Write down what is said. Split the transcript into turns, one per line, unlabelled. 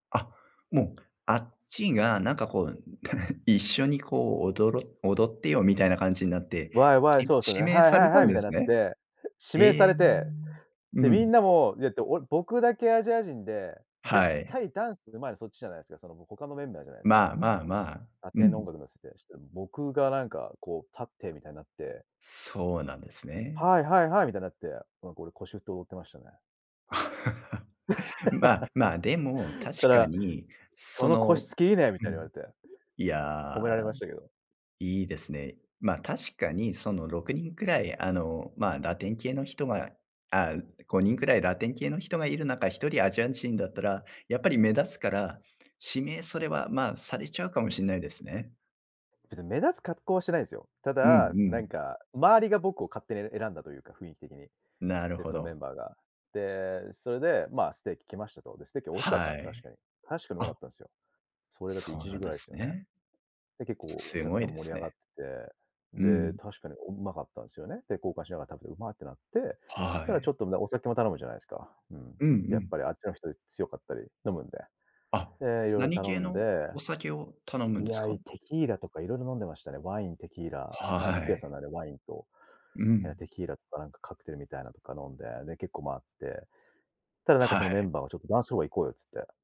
あ、もう、あっちがなんかこう、一緒にこう、おどろ踊ってよ、みたいな感じになって、
ワイワイ、
し
そうすよ
指
ね。
名
ハイ
さ
ハ
れ
イ
た
ハ
ん
イ、み
で
たいな
す
っ
ね？
て、指名さ
え！
れて。で、
う
みん
ん。
なも、やって俺僕だけアジア人で、
は
絶
い。
対ダンスうまいのそっちじゃないすか、その、ぼ他のメンバーじゃないすか。
まあまあまあ、
ア
う
テの音
ん。
楽乗せて、した、僕がなんかこう、立ってみたいなって。
そうなんですね。
ハイハイハイ、みたいなって、なんか俺、腰振って、踊ってましたね。
まま、でも
そ
確か
ら
に、
「そ
そ
の腰
の
つきいいね」み
う
たいに言わ
ん、
れて。
い
褒
や、
められましたけど。
いいですね。ま、確かにその、6人くらい、あの、ま、ラテン系の人があ、5人くらいラテン系の人がいる中、1人アジア人だったら、やっぱり目立つから、指名、それは、ま、されちゃうかもしんないですね。
別に目立つ格好はしてないんすよ。た
うん
だ、
う
なん
ん。
か周りが僕を勝手に選んだというか、雰囲気的で。
なる
で、
ほ
そのメ
ど。
ンバーが。で、それで、ま、ステーキ来ましたと。で、ステーキ美味しかった
は
んす、確
い。
かに。確かにうまか
あ。
ったんすよ。それだって、い
そう
ち
な
じ
ん
ぐ
で
らいっ
す
すよね。
ね。
で、結構お
す
客
ご
さ
い
ん
で
盛
す
り上が
ね。
って、
う
で、
ん。
確かにおうまかったんすよね。て、交換しながら食べて、うまってなって。
は
ただちょ
い。
っと、むだお酒も頼むじゃないすか。うん。
うんう
やっ
ん。
ぱりあっちの人、い強かったり、飲むんで。
あ、
で、色々
何
頼
系
ん
の
で
お酒を頼むん
い
です
や、
か？
いテキーラとか色々飲んでましたね。ワイン、テキーラ、ま、
は
肉屋
い。
さんなんで、ワインと、
う
や、
ん。
テキーラとか、なんかカクテルみたいなとか飲んで、で、結構回って。ただなんか、そ
は
のメ
い。
ンバーはちょっとダンスホール行こうよっつって。